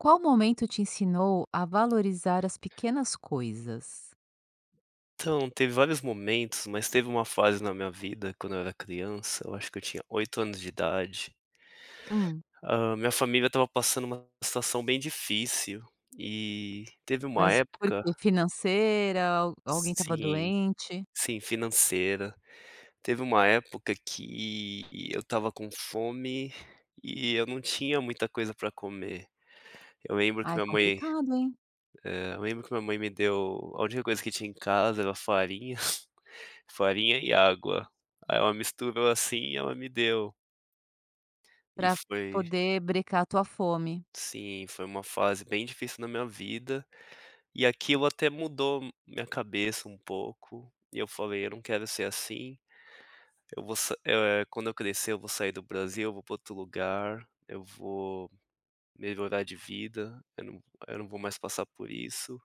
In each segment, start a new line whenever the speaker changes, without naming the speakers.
Qual momento te ensinou a valorizar as pequenas coisas?
Então, teve vários momentos, mas teve uma fase na minha vida quando eu era criança, eu acho que eu tinha 8 anos de idade.
Hum.
Hã, minha família estava passando uma situação bem difícil, e teve uma
Mas por
época
que? Financeira al alguém estava
sim
doente?
sim financeira, teve uma época que eu estava com fome, e eu não tinha muita coisa para comer. Eu lembro
Ai
que a minha mãe
complicado hein?
eh, eu lembro que minha mãe me deu, a última coisa que tinha em casa era farinha, farinha e água, aí ela misturou assim e ela me deu. E
Pra
foi
poder brecar a tua fome.
Sim foi uma fase bem difícil na minha vida, e aquilo até mudou m minha cabeça um pouco, e eu falei: "Eu não quero ser assim, eu vou sa eh, quando eu crescer eu vou sair do Brasil, eu vou para outro lugar, eu vou melhorar de vida, eu não eu não vou mais passar por isso."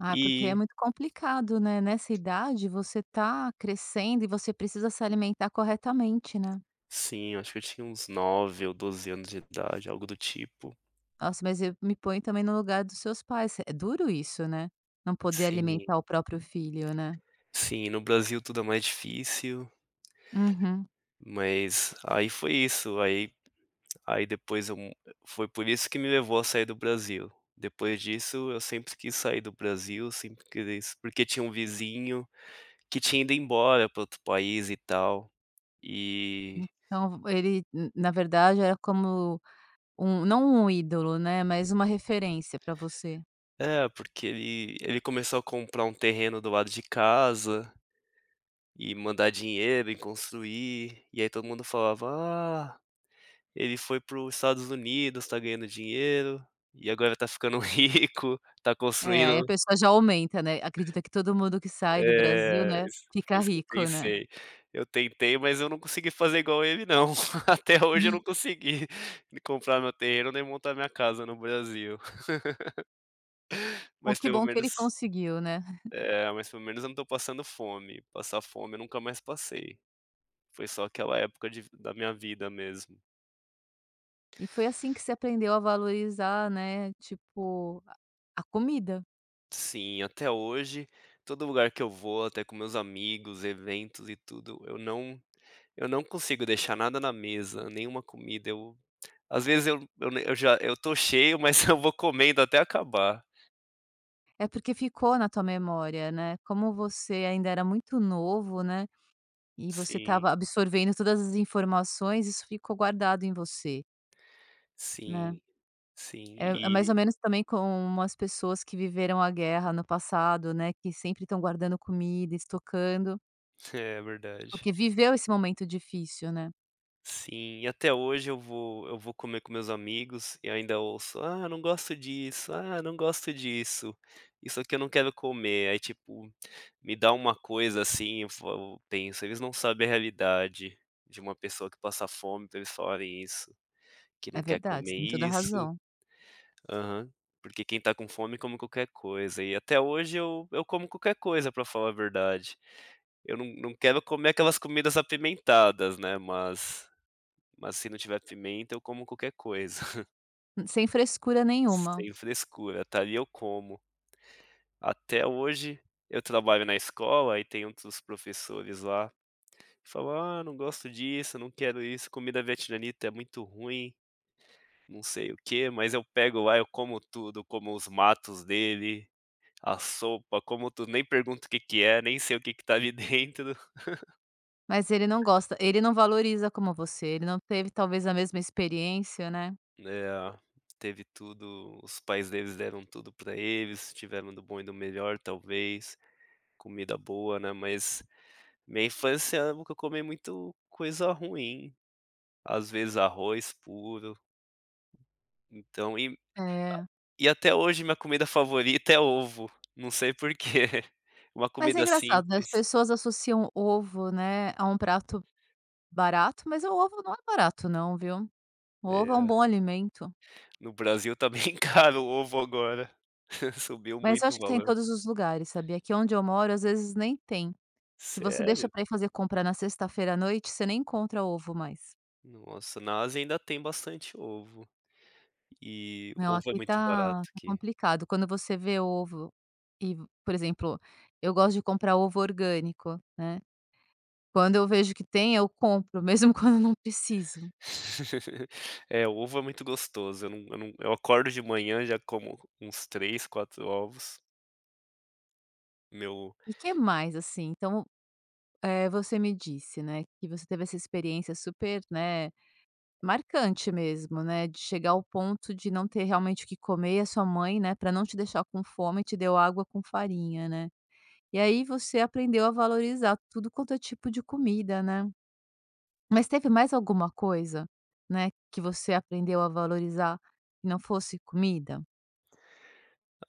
Ah porque é
E
muito complicado, né, nessa idade você tá crescendo, e você precisa se alimentar corretamente, né.
Sim, eu acho que eu tinha uns 9 ou 12 anos de idade, algo do tipo.
Nossa mas eu me ponho também no lugar dos seus pais. É duro isso né? Não poder
Sim.
alimentar o próprio filho, né.
Sim, no Brasil tudo é mais difícil.
Uhum.
Mas aí foi isso, aí aí depois eu mu foi por isso que me levou a sair do Brasil, depois disso eu sempre quis sair do Brasil, sempre queria isso porque tinha um vizinho, que tinha ido embora para outro país e tal, e
Então ele n na verdade é como um não um ídolo, né, mas uma referência para você?
É porque ele ele começou a comprar um terreno do lado de casa e mandar dinheiro e construir, e aí todo mundo falava: "Ah, ele foi para o Estados Unidos, tá ganhando dinheiro e agora tá ficando rico, tá
É aí a
construindo
pessoa já aumenta, né. Acredita que todo mundo que sai do Brasil,
Eh
né,
is foi
fica
isso que eu
rico, né.
pensei, eu tentei mas eu não consegui fazer igual a ele não, até hoje eu não
[unintelligible]
consegui, nem comprar meu terreno, nem montar minha casa no Brasil.
Bom
Mas
que
pelo
bom que ele
menos
conseguiu, né.
eh, mas pelo menos eu não tô passando fome, passar fome eu nunca mais passei, foi só aquela época de vi da minha vida mesmo.
E foi assim que você aprendeu a valorizar, né, tipo a a comida.
Sim, até hoje todo lugar que eu vou, até com meus amigos, eventos e tudo, eu não eu não consigo deixar nada na mesa, nenhuma comida. Eu às vezes eu eu já eu tô cheio, mas eu vou comendo até acabar.
É porque ficou na tua memória, né, como você ainda era muito novo, né, e você
Sim.
estava absorvendo todas as informações isso ficou guardado em você. Né.
Sim, sim
É é mais ou
e
menos também como as pessoas que viveram a guerra no passado, né, que sempre estão guardando comida, estocando
É verdade.
porque viveu esse momento difícil, né.
Sim, e até hoje eu vou eu vou comer com meus amigos, e ainda ouço: "Ah não gosto disso, ah não gosto disso, isso aqui eu não quero comer." Aí tipo me dá uma coisa assim eu f eu penso: "Eles não sabem a realidade de uma pessoa que passa fome pra eles falem isso, que
É
não quer
verdade,
comer
tem toda
isso."
razão.
Aham, porque quem tá com fome come qualquer coisa. E até hoje eu eu como qualquer coisa pra falar a verdade, eu não não quero comer aquelas comidas apimentadas, né, mas mas se não tiver pimenta eu como qualquer coisa.
Sem frescura nenhuma.
Sem frescura, tá. E eu como. Até hoje, eu trabalho na escola e tem outros professores lá, que falam: "ah, não gosto disso, eu não quero isso, comida vietnamita é muito ruim. Não sei o que" Mas eu pego lá, eu como tudo. Como os matos dele, a sopa, como tudo. Nem pergunto o que que é. Nem sei o que que tá ali dentro.
Mas ele não gosta. Ele não valoriza como você, ele não teve talvez a mesma experiência, né?
Né, teve tudo. Os pais deles deram tudo pra eles, tiveram do bom e do melhor talvez, comida boa, né. Mas minha infância eu nunca comi muito coisa ruim. Às vezes arroz puro. Então, e a
É.
e até hoje minha comida favorita é ovo. Não sei porquê. Uma
Mas é
comida
engraçado, né, as
simples.
pessoas associam ovo, né, a um prato barato, mas o ovo não é barato não, viu? O ovo é um bom
É.
alimento.
No Brasil, tá bem caro o ovo agora. Subiu
Mas, eu
muito o
acho que tem em
valor.
todos os lugares, sabia? Aqui onde eu moro às vezes nem tem. Se você deixa
Sério?
pra ir fazer compra na sexta-feira à noite, você nem encontra ovo mais.
Nossa, na Ásia, ainda tem bastante ovo. E
Não,
ovo é
aqui
muito barato,
tá tá
aqui.
complicado, quando você vê ovo e, por exemplo, eu gosto de comprar ovo orgânico, né. Quando eu vejo que tem, eu compro, mesmo quando eu não preciso.
É, ovo é muito gostoso, eu não eu não Eu acordo de manhã e já como uns 3, 4 ovos. Meu
E que mais, assim? Então, eh, você me disse, né, que você teve essa experiência super, né, marcante mesmo, né, de chegar ao ponto de não ter realmente o que comer, e a sua mãe, né, pra não te deixar com fome te deu água com farinha, né? E aí, você aprendeu a valorizar tudo quanto é tipo de comida, né? Mas teve mais alguma coisa, né, que você aprendeu a valorizar, não fosse comida?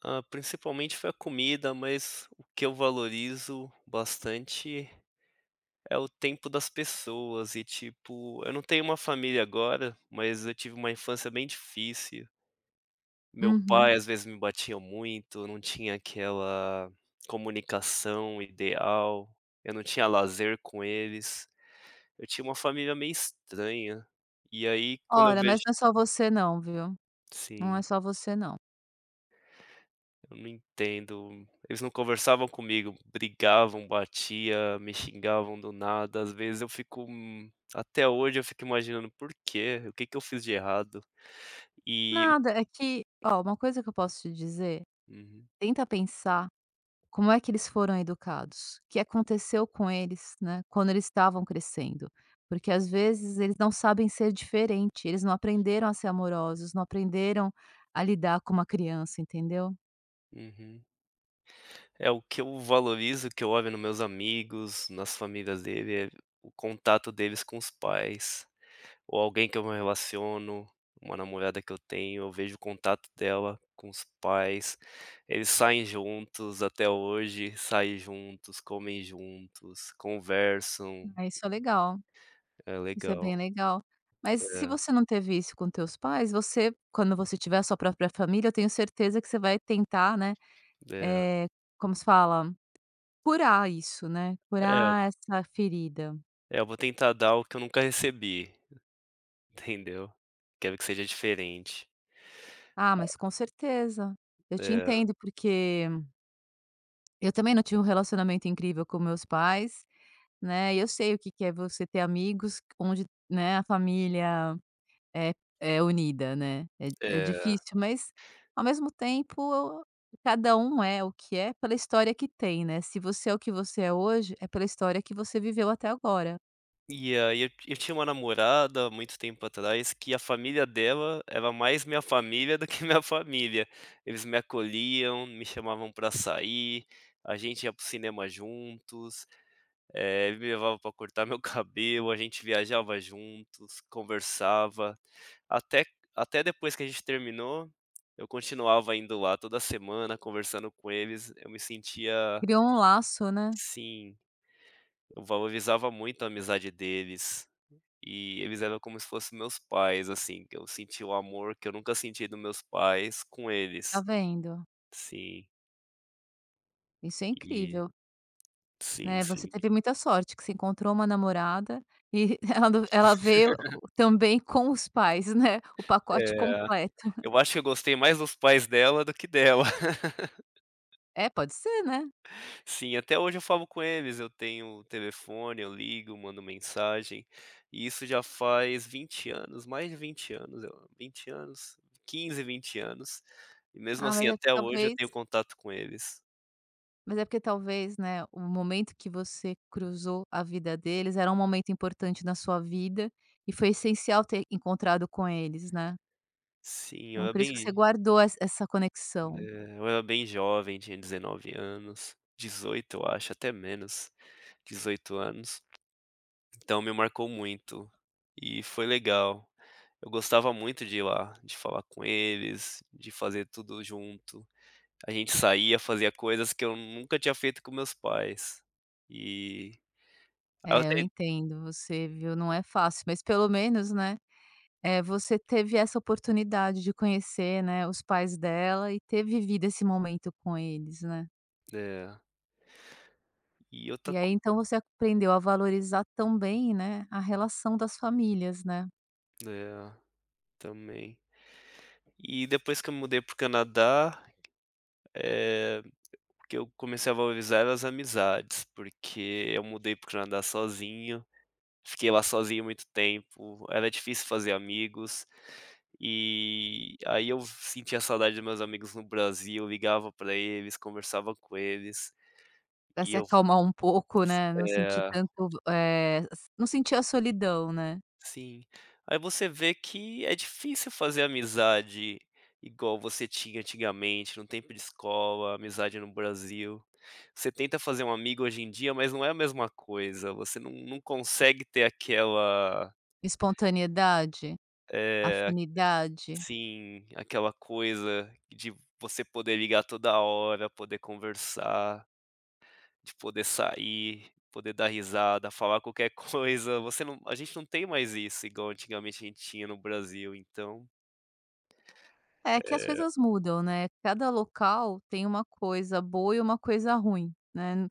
Ah, principalmente, foi a comida, mas o que eu valorizo bastante é o tempo das pessoas e tipo, eu não tenho uma família agora, mas eu tive uma infância bem difícil. Meu
Uhum.
pai às vezes me batia muito, eu não tinha aquela comunicação ideal, eu não tinha lazer com eles, eu tinha uma família meio estranha. E aí, quando eu
Olha,
vejo
mas não é só você não, viu? Não é
Sim.
só você não.
Eu não entendo, eles não conversavam comigo, brigavam, batia, me xingavam do nada, às vezes eu fico, hum, até hoje eu fico imaginando: "Por quê? O que que eu fiz de errado?" E
Nada, é que oh, uma coisa que eu posso te dizer,
Uhum.
tenta pensar como é que eles foram educados, o que aconteceu com eles, né, quando eles estavam crescendo. Porque às vezes eles não sabem ser diferente, eles não aprenderam a ser amorosos, não aprenderam a lidar com uma criança, entendeu?
Uhum. É o que eu valorizo, que eu olho no meus amigos, nas famílias dele, é o contato deles com os pais, ou alguém que eu me relaciono, uma namorada que eu tenho, eu vejo o contato dela com os pais, eles saem juntos até hoje. Saem juntos, comem juntos, conversam.
É, isso é legal,
É,
isso é bem
legal.
legal. Mas se
É.
você não teve isso com os teus pais, você quando você tiver a sua própria família, eu tenho certeza que você vai tentar, né,
É.
eh, como se fala, curar isso, né,
É.
curar essa ferida.
É, eu vou tentar dar o que eu nunca recebi, entendeu? Quero que seja diferente.
Ah, mas com certeza, eu te
É.
entendo porque eu também não tinha um relacionamento incrível com meus pais, né. E eu sei o que que é você ter amigos onde, né, a família é é unida, né. É é
É.
difícil. Mas, ao mesmo tempo cada um é o que é, pela história que tem, né. Se você é, o que você é hoje, é pela história que você viveu até agora.
E aí, eu eu tinha uma namorada muito tempo atrás que a família dela era mais a minha família do que a minha família, eles me acolhiam, me chamavam pra sair, a gente ia para o cinema juntos, eh, eles me levavam pra cortar o meu cabelo, a gente viajava juntos, conversava, até até depois que a gente terminou, eu continuava indo lá toda semana, conversando com eles, eu me sentia
Criou um laço, né.
Sim, eu valorizava muito a amizade deles e eles eram como se fossem os meus pais, assim, que eu senti o amor que eu nunca senti dos meus pais, com
Tá
eles
vendo.
sim.
Isso é
E,
incrível.
sim,
Né, você
sim.
teve muita sorte que você encontrou uma namorada, e ela ela veio, o o também com os pais, né, o pacote
É,
completo.
eu acho que eu gostei mais dos pais dela do que dela.
É, pode ser, né.
Sim, até hoje eu falo com eles, eu tenho telefone, eu ligo, eu mando mensagem e isso já faz 20 anos mais de 20 anos eu a 20 anos, 15, 20 anos e mesmo
Ah, mas
assim
é porque
até hoje eu
talvez
tenho contato com eles.
Mas é porque talvez, né, o momento que você cruzou a vida deles, era um momento importante na sua vida e foi essencial ter encontrado com eles, né.
Sim, eu
Então,
era
por isso que você
bem
guardou essa essa conexão.
é, eu era bem jovem, tinha 19 anos, 18 eu acho até menos, 18 anos. Então me marcou muito e foi legal, eu gostava muito de ir lá, de falar com eles, de fazer tudo junto, a gente saía fazia coisas que eu nunca tinha feito com os meus pais e
É, eu
Até...
entendo você, viu? Não é fácil. Mas, pelo menos, né, eh, você teve essa oportunidade de conhecer, né, os pais dela e ter vivido esse momento com eles, né.
É, e outra
E aí
co
então você aprendeu a valorizar também, né, a relação das famílias, né.
É também. E depois que eu mudei pro Canadá, é que eu comecei a valorizar as amizades, porque eu mudei para o Canadá sozinho e fiquei lá sozinho muito tempo, era difícil fazer amigos. E aí eu sentia saudade dos meus amigos no Brasil, ligava para eles, conversava com eles
Pra
e
se
eu, s
acalmar um pouco, né, não sentir
eh
tanto, o v eh, não sentir a solidão, né.
Sim, aí você vê que é difícil fazer amizade igual você tinha antigamente no tempo de escola, amizade no Brasil. Você tenta fazer um amigo hoje em dia, mas não é a mesma coisa, você num num consegue ter aquela
Espontaneidade?
é,
Afinidade?
sim. Aquela coisa de você poder ligar toda hora, poder conversar de poder sair poder dar risada, falar qualquer coisa, você não a gente não tem mais isso igual antigamente a gente tinha no Brasil então.
É que as
É.
coisas mudam, né, cada local tem uma coisa boa e uma coisa ruim, né,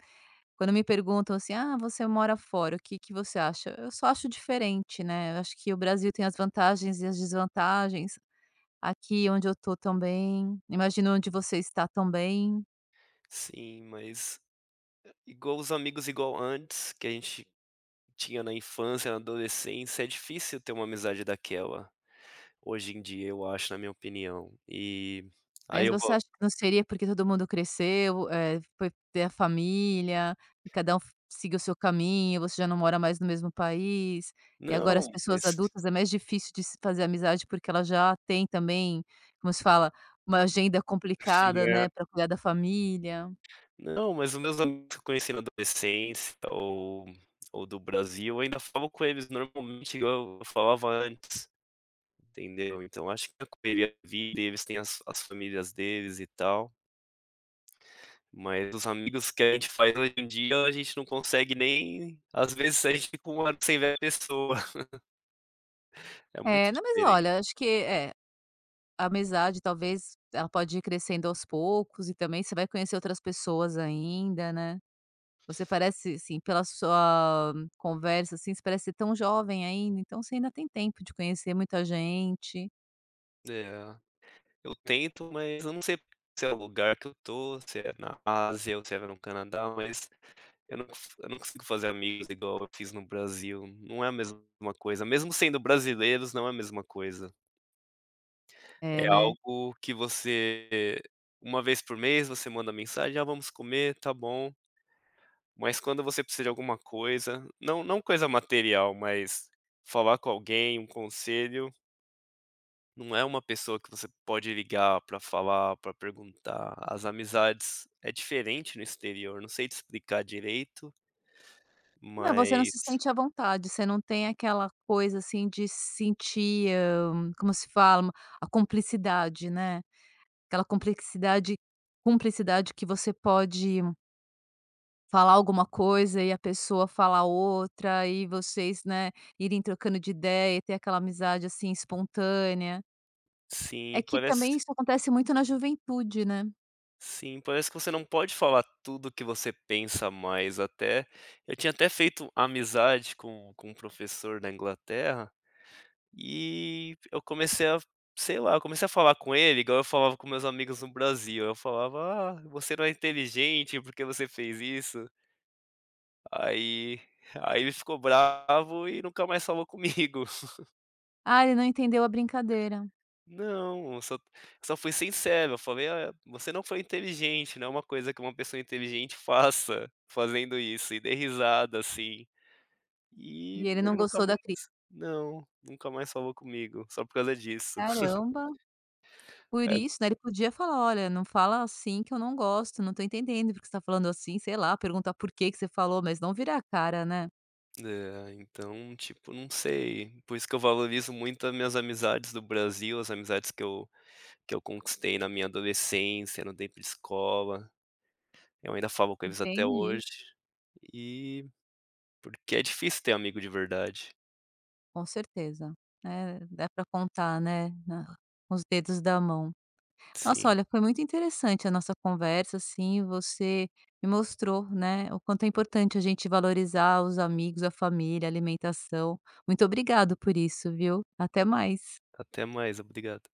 quando me perguntam assim: "Ah você mora fora o que que você acha?" Eu só acho diferente, né, eu acho que o Brasil tem as vantagens e as desvantagens. Aqui onde eu tô também, imagino aonde você tá também.
Sim, mas, igual os amigos igual antes que a gente tinha na infância, na adolescência, é difícil ter uma amizade daquela hoje em dia. Eu acho na minha opinião, e
Mas
ai eu
você
vou
acha que não seria porque todo mundo cresceu, é foi ter a família, e cada um fo seguiu o seu caminho, você já não mora mais no mesmo país, e agora as
Não
pessoas
es
adultas é mais difícil de se fazer amizade, porque elas já tem também, como se fala, uma agenda complicada,
Né.
né, pra cuidar da família.
Não, mas os meus amigos que eu conheci na adolescência ou ou do Brasil, eu ainda falo com eles normalmente igual eu falava antes, entendeu. Então acho que tem a correria da vida, têm as as famílias deles e tal. Mas os amigos que a gente faz hoje dia a gente não consegue nem às vezes a gente fica um ano sem ver a pessoa. É muito
É, não mas
diferente.
olha, acho que, eh a amizade talvez ela pode ir crescendo aos poucos, e também você vai conhecer outras pessoas ainda, né. Você parece ser, assim, pela sua conversa, assim, você parece ser tão jovem ainda. Então você ainda tem tempo de conhecer muita gente.
É, eu tento, mas eu não sei se é o lugar que eu tô, se é na Ásia ou se era no Canadá. Mas, eu não eu não consigo fazer amigos igual eu fiz no Brasil, não é a mesma coisa, mesmo sendo brasileiros, não é a mesma coisa. É
É, né?
algo que você uma vez por mês você manda mensagem: "Ah, vamos comer? Tá bom." Mas quando você precisa de alguma coisa, não não coisa material, mas falar com alguém, um conselho não é uma pessoa que você pode ligar pra falar, pra perguntar. As amizades é diferente no exterior eu não sei te explicar direito
Não, você não se
mas
sente à vontade, você não tem aquela coisa assim de se sentir, hã, como se fala, a cumplicidade, né? Aquela complexidade cumplicidade que você pode falar alguma coisa e a pessoa falar outra e vocês, né, irem trocando de ideia e ter aquela amizade, assim, espontânea. É
Sim,
que também
parece
isso acontece muito na juventude, né?
sim, parece, que você não pode falar tudo que você pensa mais. Até eu tinha até feito amizade com com um professor da Inglaterra e eu comecei a Sei lá. Eu comecei a falar com ele igual eu falava com meus amigos no Brasil, eu falava: "Ah, você não é inteligente, porque você fez isso." Aí aí, ele ficou bravo e nunca mais falou comigo.
Ah, ele não entendeu a brincadeira.
Não, só só fui sincero, eu falei: "Ah, você não foi inteligente, não é uma coisa que uma pessoa inteligente faça, fazendo isso." E dei risada assim. E
E ele não
nunca
gostou da
mais
cri
não, nunca mais falou comigo, só por causa disso.
Caramba! Por
Eh.
isso, né. Ele podia falar: "Olha, não fala assim que eu não gosto, não tô entendendo porque você tá falando assim." sei lá, perguntar por que que você falou, mas não vira a cara, né?
Eh, então tipo, não sei, por isso que eu valorizo muito as minhas amizades do Brasil, as amizades que eu que eu conquistei na minha adolescência, no tempo de escola, eu ainda falo com eles até
Entendi.
hoje e porque é difícil ter amigo de verdade.
Com certeza, né, dá pra contar, né, na nos dedos da mão. Nossa
Sim.
olha, foi muito interessante a nossa conversa, assim, você me mostrou, né, o quanto é importante a gente valorizar os amigos, a família, a alimentação. Muito obrigado por isso viu? Até mais.
Até mais, obrigado.